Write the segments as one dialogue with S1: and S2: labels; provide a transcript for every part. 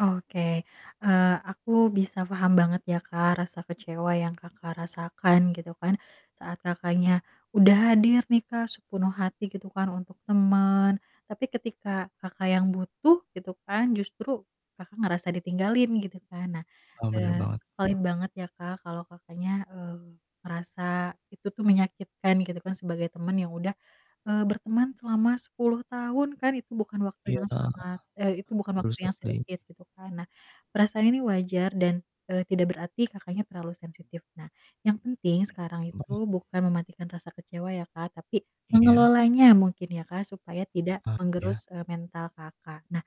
S1: Oke, eee, aku bisa paham banget ya, Kak, rasa kecewa yang Kakak rasakan, gitu kan, saat Kakaknya udah hadir nih, Kak, sepenuh hati, gitu kan, untuk temen, tapi ketika Kakak yang butuh, gitu kan, justru Kakak ngerasa ditinggalin, gitu kan. Nah,
S2: Eee, bener
S1: eee,
S2: banget.
S1: paling banget ya, Kak, kalau Kakaknya, eee, ngerasa itu tuh menyakitkan, gitu kan, sebagai teman yang udah, eee, berteman selama 10 tahun kan, itu bukan waktu
S2: Iya.
S1: yang sangat eh, itu bukan
S2: Terus
S1: waktu yang
S2: [unintelligible]
S1: sedikit, gitu kan. Nah, perasaan ini wajar dan, eee, tidak berarti Kakaknya terlalu sensitif. Nah, yang penting sekarang itu
S2: Mhm.
S1: bukan mematikan rasa kecewa ya, Kak, tapi
S2: Iya.
S1: mengelolanya mungkin ya, Kak, supaya tidak
S2: Eee, ya.
S1: menggerus, eee, mental Kakak. Nah,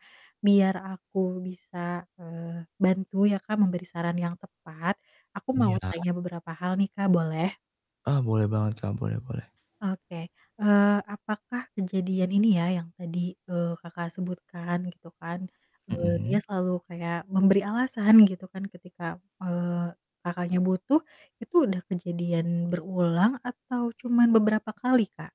S1: biar aku bisa, eee, bantu ya, Kak, memberi saran yang tepat, aku mau
S2: Iya.
S1: tanya beberapa hal nih, Kak, boleh?
S2: Ah, boleh banget, Kak, boleh boleh.
S1: Oke. Eee, apakah kejadian ini ya, yang tadi, eee, Kakak sebutkan gitu kan, eee, dia
S2: Mhm.
S1: selalu kayak memberi alasan gitu kan ketika, eee, Kakaknya butuh, itu udah kejadian berulang atau cuman beberapa kali, Kak?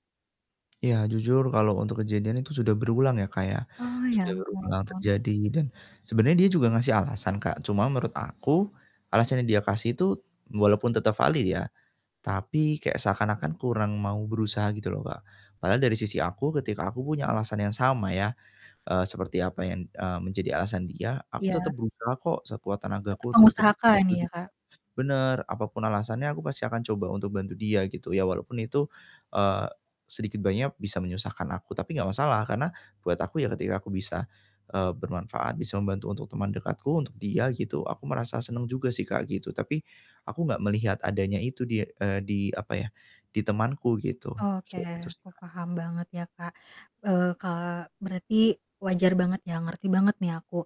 S2: Ya, jujur, kalau untuk kejadian itu sudah berulang ya, Kak, ya.
S1: Oh, ya
S2: Sudah
S1: ampun.
S2: berulang terjadi dan sebenernya dia juga ngasih alasan, Kak, cuma menurut aku, alasan yang dia kasih itu walaupun tetep valid ya, tapi kayak seakan-akan kurang mau berusaha gitu loh, Kak. Padahal dari sisi aku ketika aku punya alasan yang sama ya, eee, seperti apa yang, eee, menjadi alasan dia, aku tetep
S1: Iya.
S2: berusaha kok sekuat
S1: M tetap
S2: tenagaku untuk tetep
S1: mengusahakan
S2: ngebantu
S1: ya,
S2: dia.
S1: Kak.
S2: Bener, apapun alasannya aku pasti akan coba untuk bantu dia, gitu, ya walaupun itu, eee, sedikit banyak bisa menyusahkan aku, tapi nggak masalah, karena buat aku ya ketika aku bisa, eee, bermanfaat, bisa membantu untuk teman dekatku, untuk dia gitu, aku merasa seneng juga sih, Kak, gitu, tapi aku nggak melihat adanya itu di eee, di, apa ya, di temanku gitu.
S1: Oke,
S2: Seperti itu sih,
S1: aku
S2: Kak.
S1: paham banget ya, Kak. Eee, Kak, berarti wajar banget ya, ngerti banget nih aku,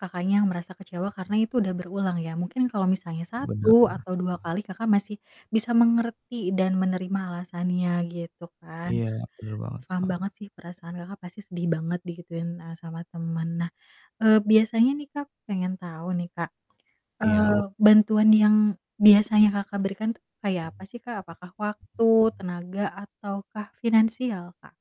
S1: Kakaknya yang merasa kecewa karena itu udah berulang ya, mungkin kalau misalnya
S2: Bener,
S1: 1
S2: Kak.
S1: atau 2 kali, Kakak masih bisa mengerti dan menerima alasannya gitu kan.
S2: Iya,
S1: Nah,
S2: bener banget,
S1: paham
S2: Kak.
S1: banget sih perasaan Kakak pasti sedih banget digituin, eee, sama temen. Nah, eee, biasanya nih, Kak, pengen tahu nih, Kak,
S2: Iya,
S1: eee,
S2: wu
S1: bantuan yang biasanya Kakak berikan tuh kayak apa sih, Kak? Apakah waktu, tenaga, ataukah finansial, Kak?